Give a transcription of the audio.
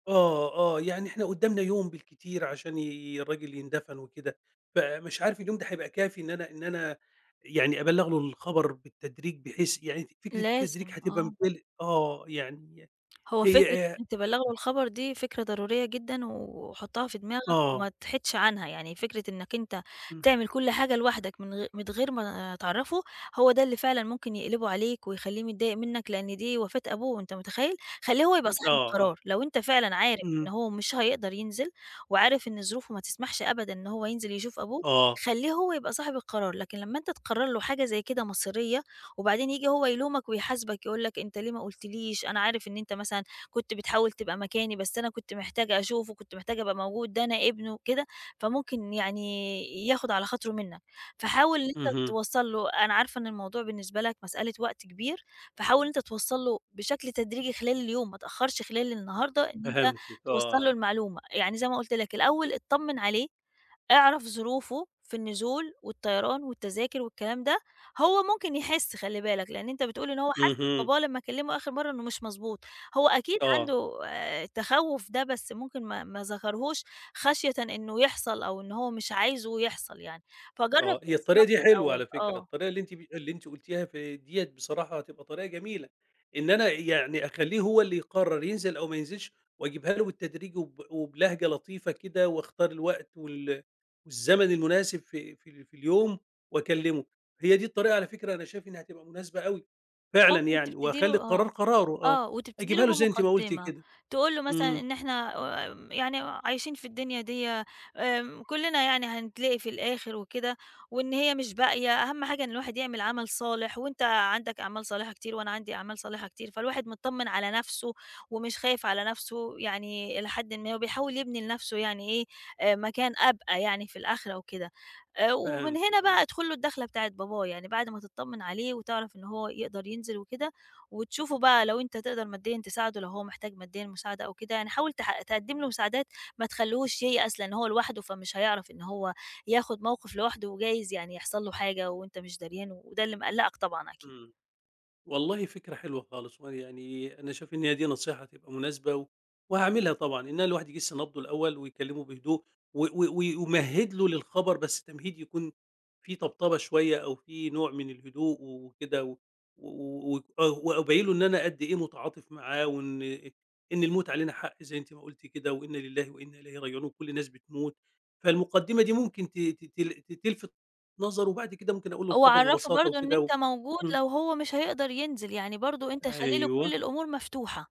آه، آه، يعني إحنا قُدّامنا يوم بالكتير عشان ي الراجل يندَفن وكده، فمش عارف اليوم ده هيبقى كافي إن أنا إن أنا يعني أبلّغ له الخبر بالتدريج بحيث يعني ف فكرة التدريج لازم هتبقى آه. مبال آه، يعني هو فكرة هي آآ أنت تبلّغه [unintelligible] الخبر دي فكرة ضرورية جدًا وحُطّها في دماغك آه. وما تحيدش عنها، يعني فكرة إنك أنت إمم. تعمل كلّ حاجة لوحدك من غ من غير ما تعرّفه، هو ده اللي فعلًا ممكن يقلِبه عليك ويخلّيه متضايق منك لأن دي وفاة أبوه، أنت متخيّل! خلّيه هو يبقى صاحب آه، آه. القرار، لو أنت فعلًا عارف إن إمم. هو مش هيقدَر ينزِل وعارف إن ظروفه ما تسمحش أبدًا إن هو ينزِل يشوف أبوه، آه. خلّيه هو يبقى صاحب القرار، لكن لمّا أنت تقرّر له حاجة زي كده مصيرية وبعدين ييجي هو يلومك ويحاسبك يقُول لك أنت ليه ما قُلتليش، أنا عارف إن أنت مثلًا كنت بتحاول تبقى مكاني، بس أنا كنت محتاج أشوفه، كنت محتاج أبقى موجود، ده أنا ابنه وكده، فممكن يعني ياخد على خاطره منك. فحاول إن أنت اهم. توصّل له، أنا عارفة إن الموضوع بالنسبة لك مسألة وقت كبير، فحاول أنت توصّل له بشكل تدريجي خلال اليوم، ما تأخّرش خلال النهاردة إن أنت فهمتِك، توصّل له آه. المعلومة، يعني زي ما قُلت لك الأول اتطمّن عليه، اعرف ظروفه في النزول والطيران والتذاكر والكلام ده، هو ممكن يحِس، خلّي بالك، لأن أنت بتقول إن هو حس اهم. بباباه لمّا كلّمه آخِر مرَّة إنه مش مضبوط، هو أكيد آه. عنده آآ، تخوُّف ده بس ممكن ما ما ذكرهوش خَشيةً إنه يحصل أو إن هو مش عايزه يحصَل يعني، فجرّب آه، هي تجِس الطريقة نبضه دي حلوة على الأول، فكرة، آه. الطريقة اللي أنتِ ب اللي أنتِ قُلتيها ف دِيّة بصراحة هتبقى طريقة جميلة، إن أنا يعني أخلّيه هو اللي يقرّر ينزِل أو ما ينزِلش وأجيبها له بالتدريج وب وبلهجة لطيفة كده واختار الوقت وال والزمن المناسب في في في اليوم وأكلّمه، هي دي الطريقة، على فكرة أنا شايف إنها هتبقى مناسبة أوي فعلًا ممكن يعني، تبتدي له وهاخلّي القرار آه، قراره، آه، آه وتبتدي أجيبها له له زي أنتِ ما قُلتِ بمقدّمة، كده. تقول له مثلًا إمم. إن إحنا آمم، يعني عايشين في الدنيا دِيّة آمم، كلّنا يعني هنتلاقي في الآخِر وكده وإن هي مش باقية، أهم حاجة إن الواحد يعمل عمل صالح وأنت عَندك أعمال صالحة كتير وأنا عندي أعمال صالحة كتير، فالواحد مطّمن على نفسه ومش خايف على نفسه يعني إلى حدٍ ما وبيحاول يبني لنفسه يعني إيه، آآ مكان أبقى يعني في الآخرة وكده، آآ، ومن هنا فهمتِك، آه. بقى ادخُل له الدَّخلة بتاعة باباه، يعني بَعد ما تطّمن عليه وتعرَف إنه هو يقدَر ينزِل وكده وتشوفه بقى لو أنت تقدَر ماديًا تساعده، لو هو محتاج ماديًا مساعدة أو كده يعني حاول تح تقدِّم له مساعدات، ما تخلّوهوش ييأس، لإن هو لوحده فمش هيعرَف إن هو ياخُد موقِف لوحده وجايز يعني يحصَل له حاجة وأنت مش داريان وده اللي مقلّقك طبعًا أكيد. إمم، والله فكرة حلوة خالص وأنا يعني أنا شايف إن هي دي نصيحة تبقى مناسبة و وهاعملها طبعًا إن الواحد يجِس نبضه الأول ويكلّمه بهدوء و و وي ويمهِّد له للخبر، بس التمهيد يكون فيه طبطبة شوية أو فيه نوع من الهدوء وكده، و و ويك و وابيّن له إن أنا قد إيه متعاطف معاه وإن إن الموت علينا حق زي أنتِ ما قُلتِ كده، وإن لله وإن إليه راجعون وكلّ الناس بتموت، فالمقدِّمة دي ممكن ت تتل ت تلفت نظرُه وبَعد كده ممكن أقُول له هو الخبر عرّفه ببساطة برضه إن وكده و أنت موجود إمم. لو هو مش هيقدَر ينزِل يعني، برضه أنت خلّي له كلّ أيوه. الأمور مفتوحة.